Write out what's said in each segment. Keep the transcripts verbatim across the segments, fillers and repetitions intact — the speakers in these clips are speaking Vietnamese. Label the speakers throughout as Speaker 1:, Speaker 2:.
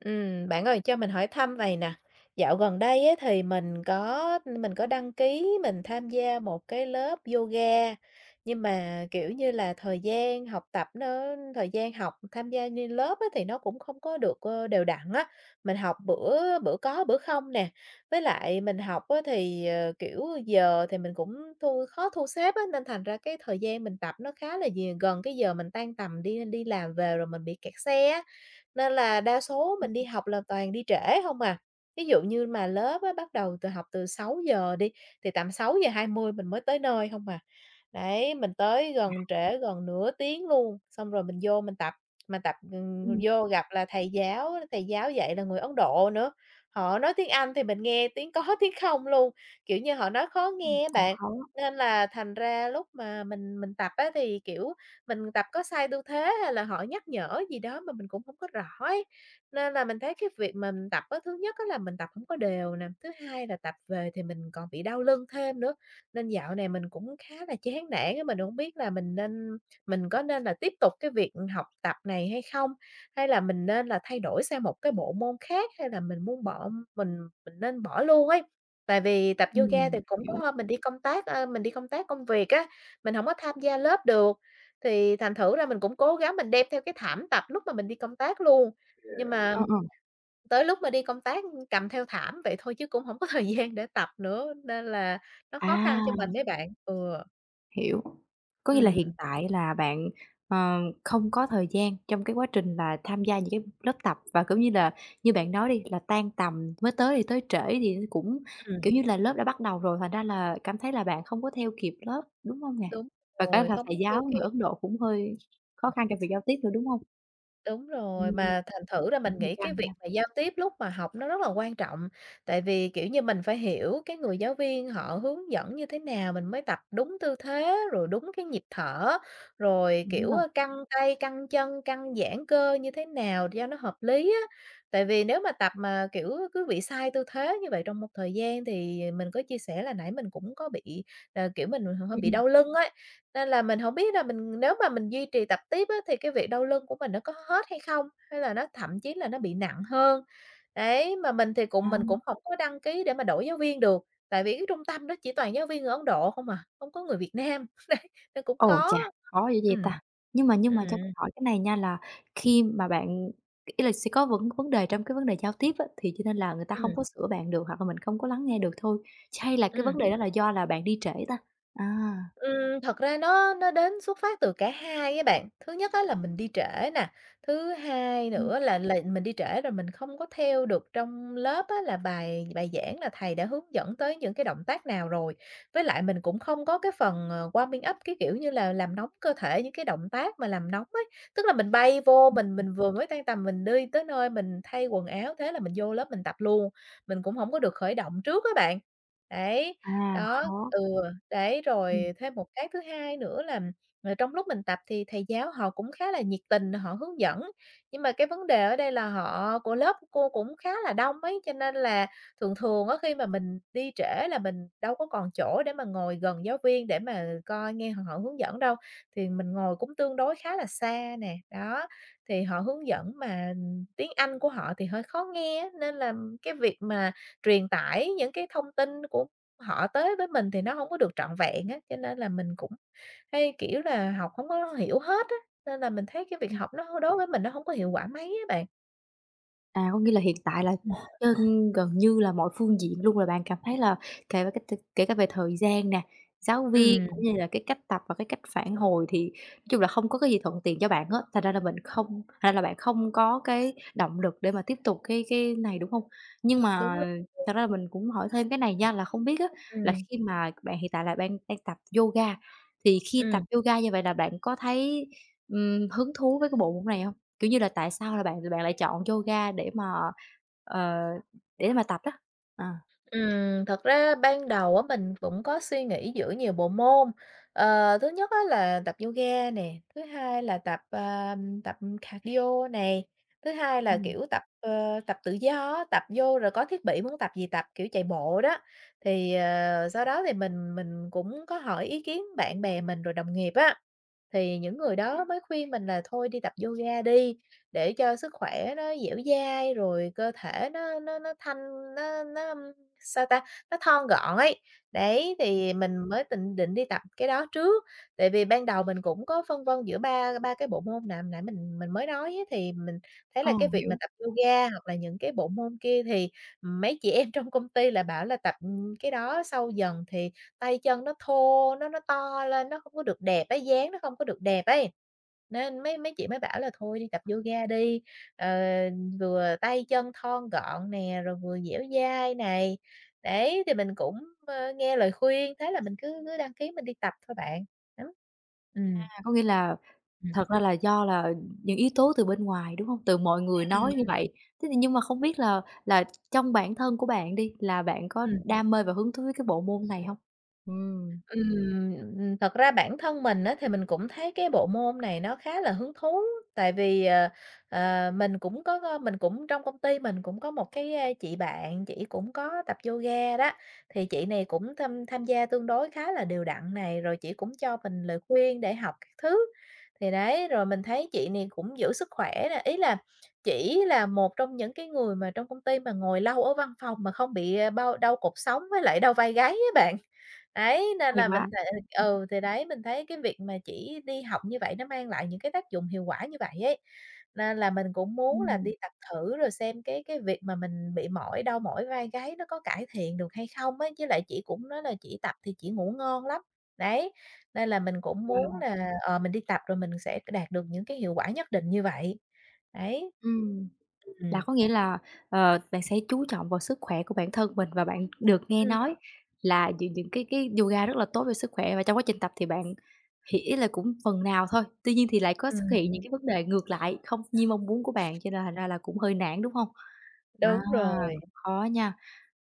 Speaker 1: Ừm, bạn ơi cho mình hỏi thăm vầy nè, dạo gần đây á thì mình có mình có đăng ký mình tham gia một cái lớp yoga, nhưng mà, kiểu như là, thời gian học tập nó thời gian học tham gia như lớp á, thì nó cũng không có được, ơ, đều đặn á. Mình học bữa bữa có bữa không nè, với lại mình học á, thì, ờ, kiểu, giờ thì mình cũng thu khó thu xếp á, nên thành ra cái thời gian mình tập nó khá là nh gần cái giờ mình tan tầm đi đi làm về rồi mình bị kẹt xe á. Nên là đa số
Speaker 2: Ừm,
Speaker 1: mình đi
Speaker 2: ừm.
Speaker 1: học là toàn đi trễ hông à, ví dụ như mà lớp á, bắt đầu từ học từ sáu giờ đi thì tầm sáu giờ hai mươi mình mới tới nơi hông à. Đấy, mình tới gần trễ gần nửa tiếng luôn, xong rồi mình vô mình tập. Mà tập, ừm,
Speaker 2: Ừm.
Speaker 1: vô gặp là thầy giáo thầy giáo dạy là người Ấn Độ nữa, họ nói tiếng Anh thì mình nghe tiếng có tiếng không luôn. Kiểu như, họ nói khó
Speaker 2: Ừm.
Speaker 1: nghe á
Speaker 2: Cũng
Speaker 1: bạn,
Speaker 2: khó.
Speaker 1: nên là thành ra lúc mà mình mình tập á, thì, kiểu, mình tập có sai tư thế hay là họ nhắc nhở gì đó mà mình cũng hổng có rõ ấy. Nên là mình thấy cái việc mà tập á, thứ nhất á là mình tập hổng có đều nè, thứ hai là tập về thì mình còn bị đau lưng thêm nữa. Nên dạo này mình cũng khá là chán nản á, mình hổng biết là mình nên mình có nên là tiếp tục cái việc học tập này hay không? Hay là mình nên là thay đổi sang một cái bộ môn khác, hay là mình buông bỏ mình mình nên bỏ luôn ấy. Tại vì tập yoga thì
Speaker 2: Ừm,
Speaker 1: cũng có
Speaker 2: hiểu.
Speaker 1: hôm mình đi công tác, ơ mình đi công tác công việc á, mình hổng có tham gia lớp được thì thành thử ra mình cũng cố gắng mình đem theo cái thảm tập lúc mà mình đi công tác luôn. Nhưng mà
Speaker 2: Ờ, ờ.
Speaker 1: tới lúc mà đi công tác cầm theo thảm vậy thôi chứ cũng hổng có thời gian để tập nữa nên là nó khó khăn cho mình
Speaker 2: À.
Speaker 1: đấy bạn. Ừ.
Speaker 2: Hiểu, có nghĩa là hiện
Speaker 1: Ừm.
Speaker 2: tại là bạn, ờ, không có thời gian trong cái quá trình là tham gia những cái lớp tập và, kiểu như là, như bạn nói đi là tan tầm mới tới thì tới trễ thì cũng,
Speaker 1: Ừm.
Speaker 2: kiểu như là, lớp đã bắt đầu rồi thành ra là cảm thấy là bạn không có theo kịp lớp, đúng hông nè?
Speaker 1: Đúng
Speaker 2: Và cả
Speaker 1: rồi,
Speaker 2: là
Speaker 1: không
Speaker 2: thầy
Speaker 1: có theo
Speaker 2: giáo người
Speaker 1: kịp.
Speaker 2: Ấn Độ cũng hơi khó
Speaker 1: Ừm.
Speaker 2: khăn trong việc giao tiếp nữa, đúng hông?
Speaker 1: Đúng rồi,
Speaker 2: Ừm.
Speaker 1: mà thành thử ra mình
Speaker 2: Cũng hơi
Speaker 1: nghĩ cái
Speaker 2: căng
Speaker 1: việc
Speaker 2: nha.
Speaker 1: mà giao tiếp lúc mà học nó rất là quan trọng, tại vì, kiểu như, mình phải hiểu cái người giáo viên họ hướng dẫn như thế nào, mình mới tập đúng tư thế, rồi đúng cái nhịp thở, rồi,
Speaker 2: Đúng
Speaker 1: kiểu,
Speaker 2: rồi.
Speaker 1: căng tay, căng chân, căng giãn cơ như thế nào cho nó hợp lý á. Tại vì nếu mà tập mà, kiểu, cứ bị sai tư thế như vậy trong một thời gian thì mình có chia sẻ là nãy mình cũng có bị là, kiểu, mình bị hơ
Speaker 2: Ừm,
Speaker 1: hơi
Speaker 2: ừm.
Speaker 1: đau lưng ấy, nên là mình hổng biết là mình nếu mà mình duy trì tập tiếp á thì cái việc đau lưng của mình nó có hết hay không? Hay là nó thậm chí là nó bị nặng hơn. Đấy, mà mình thì cũng
Speaker 2: À.
Speaker 1: mình cũng hổng có đăng ký để mà đổi giáo viên được, tại vì cái trung tâm đó chỉ toàn giáo viên người Ấn Độ không à, không có người Việt Nam. Đấy, nên cũng
Speaker 2: Ồ,
Speaker 1: khó,
Speaker 2: chà, khó dữ vậy
Speaker 1: ừm,
Speaker 2: ta. Nhưng mà nhưng mà cho mình
Speaker 1: ừm.
Speaker 2: hỏi cái này nha, là khi mà bạn ý là sẽ có vấn vấn đề trong cái vấn đề giao tiếp á thì cho nên là người ta hông
Speaker 1: Ừm.
Speaker 2: có sửa bạn được, hoặc là mình không có lắng nghe được thôi, chay là cái
Speaker 1: Ừm.
Speaker 2: vấn đề đó là do là bạn đi trễ ta? À.
Speaker 1: Ừm, thật ra nó nó đến xuất phát từ cả hai á bạn. Thứ nhất á là mình đi trễ nè, thứ hai
Speaker 2: Ừm.
Speaker 1: nữa là là mình đi trễ rồi mình không có theo được trong lớp á là bài bài giảng là thầy đã hướng dẫn tới những cái động tác nào rồi, với lại mình cũng không có cái phần, ờ, warming up, cái, kiểu như là, làm nóng cơ thể, những cái động tác mà làm nóng ấy. Tức là mình bay vô
Speaker 2: Ưm,
Speaker 1: mình
Speaker 2: ừm.
Speaker 1: mình vừa mới tan tầm mình đi tới nơi mình thay quần áo, thế là mình vô lớp mình tập luôn, mình cũng hổng có được khởi động trước á bạn. Đấy,
Speaker 2: À,
Speaker 1: đó,
Speaker 2: khó.
Speaker 1: ừ, đấy
Speaker 2: Ừm.
Speaker 1: rồi thêm một cái thứ hai nữa là là trong lúc mình tập thì thầy giáo họ cũng khá là nhiệt tình, họ hướng dẫn, nhưng mà cái vấn đề ở đây là họ của lớp cô cũng khá là đông ấy, cho nên là thường thường á khi mà mình đi trễ là mình đâu có còn chỗ để mà ngồi gần giáo viên để mà coi nghe h họ hướng dẫn đâu. Thì mình ngồi cũng tương đối khá là xa nè, đó, thì họ hướng dẫn mà tiếng Anh của họ thì hơi khó nghe á, nên là cái việc mà truyền tải những cái thông tin của họ tới với mình thì nó hổng có được trọn vẹn á, cho nên là mình cũng hay, kiểu, là học hổng có hiểu hết á, nên là mình thấy cái việc
Speaker 2: Ừm.
Speaker 1: học nó hô đối với mình nó hông có hiệu quả mấy á bạn.
Speaker 2: À, có nghĩa là hiện tại là
Speaker 1: Ừm.
Speaker 2: trên gần như là mọi phương diện luôn là bạn cảm thấy là [unintelligible] kể cả về thời gian nè, giáo viên
Speaker 1: Ừm.
Speaker 2: cũng như là cái cách tập và cái cách phản hồi thì chung là không có cái gì thuận tiện cho bạn á, thành ra là mình không thành ra là bạn không có cái động lực để mà tiếp tục cái cái này, đúng hông? Nhưng
Speaker 1: Đúng.
Speaker 2: mà
Speaker 1: [unintelligible]
Speaker 2: thật ra là mình cũng hỏi thêm cái này nha, là không biết á là
Speaker 1: Ừm.
Speaker 2: khi mà bạn hiện tại là đang đang tập yoga, thì khi tập
Speaker 1: Ừm.
Speaker 2: yoga như vậy là bạn có thấy, ừm, hứng thú với cái bộ môn này hông? Kiểu như là tại sao là bạn bạn lại chọn yoga để mà, ờ, để mà tập đó? Ờ.
Speaker 1: Ừm, thật ra ban đầu á, mình cũng có suy nghĩ giữa nhiều bộ môn. Ờ, thứ nhất á, là tập yoga nè, thứ hai là tập, ờm, tập, ừm, cardio này, thứ hai là,
Speaker 2: Ừm.
Speaker 1: kiểu, tập, ơ, tập tự do á, tập vô rồi có thiết bị muốn tập gì tập, kiểu, chạy bộ đó. Thì, ờ, sau đó thì mình mình cũng có hỏi ý kiến bạn bè mình rồi đồng nghiệp á, thì những người đó mới khuyên mình là thôi đi tập yoga đi, để cho sức khỏe nó dẻo dai rồi cơ thể nó nó nó thanh nó nó, ưm, sao ta, nó thon gọn ấy. Đấy, thì mình mới tịnh định đi tập cái đó trước, tại vì ban đầu mình cũng có phân vân giữa ba ba cái bộ môn nạm nãy mình mình mới nói á. Thì mình thấy là
Speaker 2: Ờ,
Speaker 1: cái việc mà
Speaker 2: hiểu.
Speaker 1: tập yoga hoặc là những cái bộ môn kia thì, ừm, mấy chị em trong công ty lại bảo là tập, ưm, cái đó sâu dần thì tay chân nó thô, nó nó to lên nó không có được đẹp ấy, dáng nó không có được đẹp ấy. Nên mấy mấy chị mới bảo là thôi đi tập yoga đi, ờ, vừa tay chân thon gọn nè, rồi vừa dẻo dai này. Đấy, thì mình cũng, ơ, nghe lời khuyên, thế là mình cứ cứ đăng ký mình đi tập thôi bạn. [unintelligible] Ừm.
Speaker 2: À, có nghĩa là
Speaker 1: Ừm.
Speaker 2: thật ra là do là những yếu tố từ bên ngoài, đúng hông? Từ mọi người nói như
Speaker 1: Ừm.
Speaker 2: vậy. Thế thì nhưng mà không biết là là trong bản thân của bạn đi là bạn có
Speaker 1: Ừm.
Speaker 2: đam mê và hứng thú cái bộ môn này hông? Ừm.
Speaker 1: Ừm, ừm. Thật ra bản thân mình á, thì mình cũng thấy cái bộ môn này nó khá là hứng thú, tại vì, ờ, ờ, mình cũng có, ơ, mình cũng trong công ty mình cũng có một cái, a, chị bạn chỉ cũng có tập yoga đó. Thì chị này cũng tham tham gia tương đối khá là đều đặn này, rồi chỉ cũng cho mình lời khuyên để học các thứ. Thì đấy, rồi mình thấy chị này cũng giữ sức khỏe nè, ý là chỉ là một trong những cái người mà trong công ty mà ngồi lâu ở văn phòng mà không bị, ơ, bao đau cột sống với lại đau vai gáy á bạn. Đấy, nên
Speaker 2: Hay
Speaker 1: là
Speaker 2: quá.
Speaker 1: mình th
Speaker 2: [unintelligible]
Speaker 1: ừ, thì đấy, mình thấy cái việc mà chỉ đi học như vậy nó mang lại những cái tác dụng hiệu quả như vậy ấy, nên là mình cũng muốn là đi
Speaker 2: Ừm.
Speaker 1: tập thử rồi xem cái cái việc mà mình bị mỏi, đau mỏi vai gáy nó có cải thiện được hay không ấy? Với lại chỉ cũng nói là chỉ tập thì chỉ ngủ ngon lắm. Đấy, nên là mình cũng muốn
Speaker 2: Wow.
Speaker 1: là, ờ, mình đi tập rồi mình sẽ c đạt được những cái hiệu quả nhất định như vậy. Đấy.
Speaker 2: Ừm. Là
Speaker 1: Ừm.
Speaker 2: có nghĩa là, ờ, bạn sẽ chú trọng vào sức khỏe của bản thân mình và bạn được nghe
Speaker 1: Ừm.
Speaker 2: nói là những những cái cái yoga rất là tốt cho sức khỏe. Và trong quá trình tập thì bạn thì ý là cũng phần nào thôi, tuy nhiên thì lại có xuất
Speaker 1: Ừm,
Speaker 2: hiện những
Speaker 1: ừm.
Speaker 2: cái vấn đề ngược lại không như mong muốn của bạn cho nên thành ra là cũng hơi nản, đúng hông? À,
Speaker 1: Đúng rồi.
Speaker 2: cũng khó nha.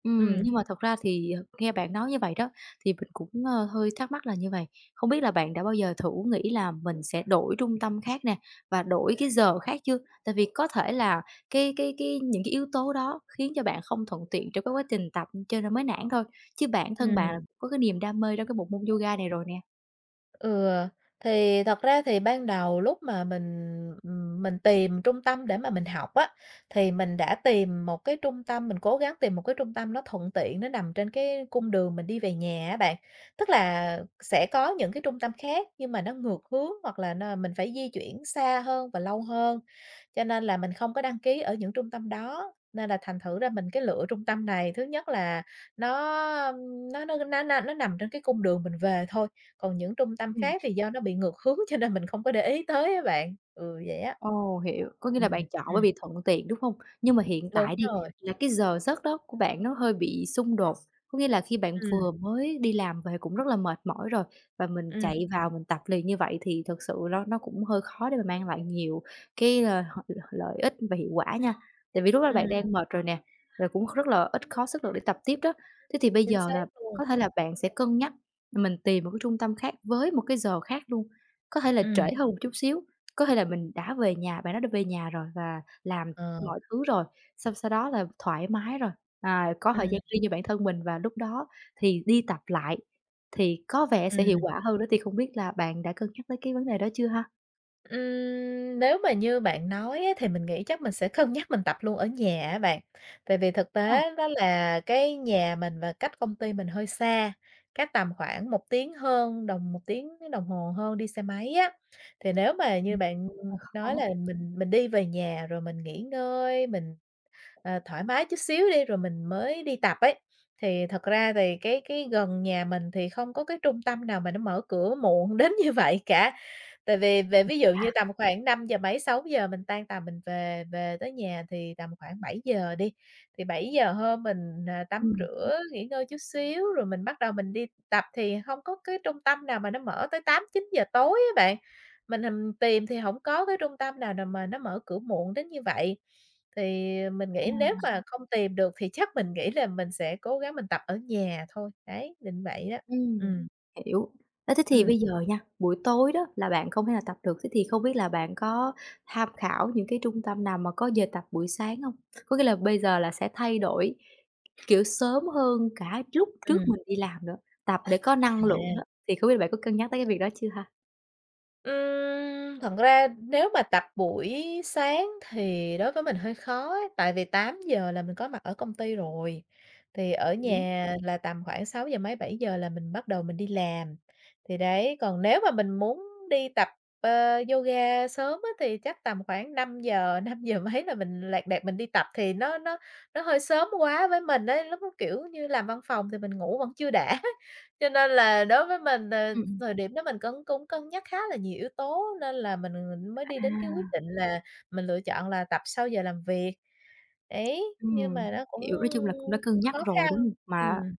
Speaker 2: Ừm,
Speaker 1: Ừm.
Speaker 2: nhưng mà thật ra thì, ờ, nghe bạn nói như vậy đó thì mình cũng, ơ, hơi thắc mắc là như vầy, không biết là bạn đã bao giờ thử nghĩ là mình sẽ đổi trung tâm khác nè, và đổi cái giờ khác chưa? Tại vì có thể là cái cái cái những cái yếu tố đó khiến cho bạn không thuận tiện trong cái quá trình tập, ưm, cho nên mới nản thôi, chứ bản thân bạn là
Speaker 1: Ừm.
Speaker 2: có cái niềm đam mê trong cái bộ môn yoga này rồi nè.
Speaker 1: Ừ, thì thật ra thì ban đầu lúc mà mình, ừm, mình tìm trung tâm để mà mình học á, thì mình đã tìm một cái trung tâm mình cố gắng tìm một cái trung tâm nó thuận tiện, nó nằm trên cái cung đường mình đi về nhà á bạn. Tức là sẽ có những cái trung tâm khác nhưng mà nó ngược hướng hoặc là n mình phải di chuyển xa hơn và lâu hơn. Cho nên là mình không có đăng ký ở những trung tâm đó, nên là thành thử ra mình cái lựa trung tâm này, thứ nhất là nó, um, nó nó nó n nó nằm trên cái cung đường mình về thôi, còn những trung tâm
Speaker 2: Ừm.
Speaker 1: khác thì do nó bị ngược hướng, cho nên mình không có để ý tới á bạn. Ừ, vậy á.
Speaker 2: Ồ, hiểu, có nghĩa
Speaker 1: Ừm,
Speaker 2: là bạn chọn bởi
Speaker 1: ừm.
Speaker 2: vì thuận tiện, đúng hông? Nhưng mà hiện
Speaker 1: Đúng
Speaker 2: tại đi
Speaker 1: rồi.
Speaker 2: là cái giờ giấc đó của bạn nó hơi bị xung đột, có nghĩa là khi bạn
Speaker 1: Ừm.
Speaker 2: vừa mới đi làm về cũng rất là mệt mỏi rồi và mình
Speaker 1: Ừm.
Speaker 2: chạy vào mình tập liền như vậy thì thực sự nó nó cũng hơi khó để mà mang lại nhiều cái, ờ, h l lợi ích và hiệu quả nha. Tại vì lúc đó bạn
Speaker 1: Ừm.
Speaker 2: đang mệt rồi nè, rồi cũng rất là ít khó sức lực để tập tiếp đó. Thế thì bây
Speaker 1: Chính
Speaker 2: giờ
Speaker 1: xác
Speaker 2: là
Speaker 1: luôn.
Speaker 2: có thể là bạn sẽ cân nhắc, mình tìm một cái trung tâm khác với một cái giờ khác luôn, có thể là
Speaker 1: Ừm.
Speaker 2: trễ hơn một chút xíu. Có thể là mình đã về nhà, bạn đã được về nhà rồi và làm
Speaker 1: Ờ.
Speaker 2: mọi thứ rồi, xong sau đó là thoải mái rồi, à, có thời
Speaker 1: Ừm.
Speaker 2: gian riêng cho bản thân mình và lúc đó thì đi tập lại thì có vẻ sẽ hiệu
Speaker 1: Ừm.
Speaker 2: quả hơn nữa. Thì không biết là bạn đã cân nhắc tới cái vấn đề đó chưa ha?
Speaker 1: Ừm, nếu mà như bạn nói á thì mình nghĩ chắc mình sẽ cân nhắc mình tập luôn ở nhà á bạn, tại vì thực
Speaker 2: Ờ.
Speaker 1: tế đó là cái nhà mình và cách công ty mình hơi xa, cách tầm khoảng một tiếng hơn đồng một tiếng đồng hồ hơn đi xe máy á. Thì nếu mà như
Speaker 2: Ừm, [unintelligible]
Speaker 1: bạn
Speaker 2: cũng hơi
Speaker 1: nói
Speaker 2: khó.
Speaker 1: là mình mình đi về nhà rồi mình nghỉ ngơi, mình, ờ, thoải mái chút xíu đi, rồi mình mới đi tập ấy, thì thật ra thì cái cái gần nhà mình thì không có cái trung tâm nào mà nó mở cửa muộn đến như vậy cả. Tại vì về
Speaker 2: Ừm,
Speaker 1: ví dụ
Speaker 2: à.
Speaker 1: như tầm khoảng năm giờ mấy sáu giờ mình tan tầm mình về về tới nhà thì tầm khoảng bảy giờ đi, thì bảy giờ hơn mình n tắm
Speaker 2: Ừm.
Speaker 1: rửa nghỉ ngơi chút xíu rồi mình bắt đầu mình đi tập thì hông có cái trung tâm nào mà nó mở tới tám chín giờ tối á bạn. Mình hình tìm thì hổng có cái trung tâm nào nào mà nó mở cửa muộn đến như vậy. Thì mình nghĩ nếu
Speaker 2: À.
Speaker 1: mà không tìm được thì chắc mình nghĩ là mình sẽ cố gắng mình tập ở nhà thôi, đấy, định vậy đó,
Speaker 2: Ừm,
Speaker 1: ừm.
Speaker 2: hiểu. Á, thế thì
Speaker 1: Ừm.
Speaker 2: bây giờ nha, buổi tối đó là bạn không thể nào tập được, thế thì không biết là bạn có tham khảo những cái trung tâm nào mà có giờ tập buổi sáng hông? Có nghĩa là bây giờ là sẽ thay đổi, kiểu, sớm hơn cả lúc trước
Speaker 1: Ừm.
Speaker 2: mình đi làm nữa, tập để có năng lượng
Speaker 1: À.
Speaker 2: đó, thì không biết là bạn có cân nhắc tới cái việc đó chưa ha?
Speaker 1: Ừm, thật ra nếu mà tập buổi sáng thì đối với mình hơi khó ấy, tại vì tám giờ là mình có mặt ở công ty rồi, thì ở
Speaker 2: Ừm.
Speaker 1: nhà là tầm khoảng sáu giờ mấy, bảy giờ là mình bắt đầu mình đi làm. Thì đấy, còn nếu mà mình muốn đi tập, ờ, yoga sớm á thì chắc tầm khoảng năm giờ, năm giờ mấy là mình lẹt đẹt mình đi tập, thì nó nó nó hơi sớm quá với mình ấy, lúc đó, kiểu như, làm văn phòng thì mình ngủ vẫn chưa đã. Cho nên là đối với mình, ờ,
Speaker 2: Ừm, ừm.
Speaker 1: thời điểm đó mình cân cũng cân nhắc khá là nhiều yếu tố, nên là mình là mình mới đi đến cái quyết
Speaker 2: À.
Speaker 1: định là mình lựa chọn là tập sau giờ làm việc, đấy, nhưng
Speaker 2: Ừm,
Speaker 1: mà nó cũng
Speaker 2: hiểu, nói chung là cũng đã cân nhắc
Speaker 1: khó
Speaker 2: rồi,
Speaker 1: khăn,
Speaker 2: đúng hông? Mà
Speaker 1: ừm.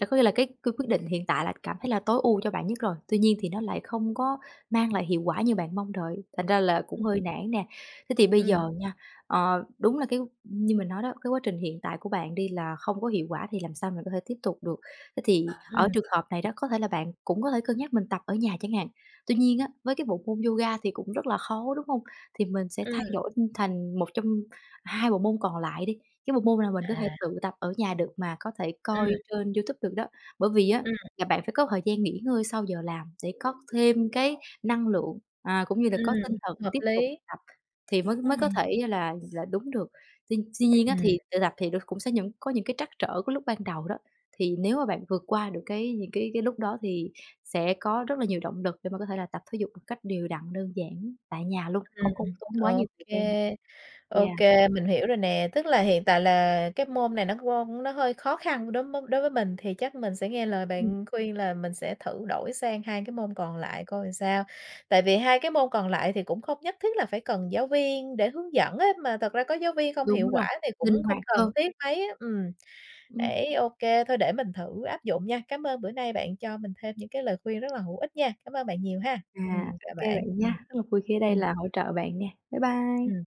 Speaker 2: là có nghĩa là cái cái quyết định hiện tại là cảm thấy là tối ưu cho bạn nhất rồi, tuy nhiên thì nó lại không có mang lại hiệu quả như bạn mong đợi, thành ra là cũng
Speaker 1: Ừm.
Speaker 2: hơi nản nè. Thế thì bây
Speaker 1: Ừm.
Speaker 2: giờ nha, ờ, đúng là cái như mình nói đó, cái quá trình hiện tại của bạn đi là không có hiệu quả thì làm sao mình có thể tiếp tục được, thế thì ở
Speaker 1: Ừm.
Speaker 2: trường hợp này đó, có thể là bạn cũng có thể cân nhắc mình tập ở nhà chẳng hạn. Tuy nhiên á, với cái bộ môn yoga thì cũng rất là khó, đúng hông? Thì mình sẽ
Speaker 1: Ừm.
Speaker 2: thay đổi, ừm, thành một trong hai bộ môn còn lại đi, cái bộ môn nào mình có thể
Speaker 1: À.
Speaker 2: tự tập ở nhà được mà có thể coi
Speaker 1: Ừm.
Speaker 2: trên YouTube được đó, bởi vì á,
Speaker 1: Ừm.
Speaker 2: là bạn phải có thời gian nghỉ ngơi sau giờ làm để có thêm cái năng lượng, à, cũng như là có tinh
Speaker 1: Ừm,
Speaker 2: thần
Speaker 1: hợp
Speaker 2: tiếp tục
Speaker 1: lý.
Speaker 2: tập thì mới mới có
Speaker 1: Ừm.
Speaker 2: thể là là đúng được. Tuy tuy nhiên á
Speaker 1: Ừm.
Speaker 2: thì tự tập thì nó cũng sẽ những có những cái trắc trở của lúc ban đầu đó, thì nếu mà bạn vượt qua được cái những cái cái lúc đó thì sẽ có rất là nhiều động lực để mà có thể là tập thể dục một cách đều đặn, đơn giản tại nhà luôn,
Speaker 1: Ừm,
Speaker 2: không có tốn quá
Speaker 1: ờ, ô
Speaker 2: nhiều thời gian.
Speaker 1: kê, ô
Speaker 2: Yeah.
Speaker 1: kê, mình hiểu rồi nè, tức là hiện tại là cái môn này nó nó hơi khó khăn đối mới đối với mình thì chắc mình sẽ nghe lời
Speaker 2: Ừm.
Speaker 1: bạn khuyên là mình sẽ thử đổi sang hai cái môn còn lại coi làm sao. Tại vì hai cái môn còn lại thì cũng không nhất thiết là phải cần giáo viên để hướng dẫn á, mà thật ra có giáo viên không
Speaker 2: Đúng
Speaker 1: hiệu quả
Speaker 2: rồi,
Speaker 1: thì
Speaker 2: linh
Speaker 1: cũng không
Speaker 2: hoạt
Speaker 1: cần
Speaker 2: hơn.
Speaker 1: thiết mấy á. Ừm,
Speaker 2: Ừm.
Speaker 1: ấy, ô kê, thôi để mình thử áp dụng nha, cám ơn bữa nay bạn cho mình thêm những cái lời khuyên rất là hữu ích nha. Cảm ơn bạn nhiều ha, ừm,
Speaker 2: À, ô
Speaker 1: chào
Speaker 2: kê
Speaker 1: bạn,
Speaker 2: bạn nha,
Speaker 1: ừm.
Speaker 2: rất là vui khi ở đây
Speaker 1: Ừm.
Speaker 2: là hỗ trợ bạn nè. Bye bye.
Speaker 1: Ừm.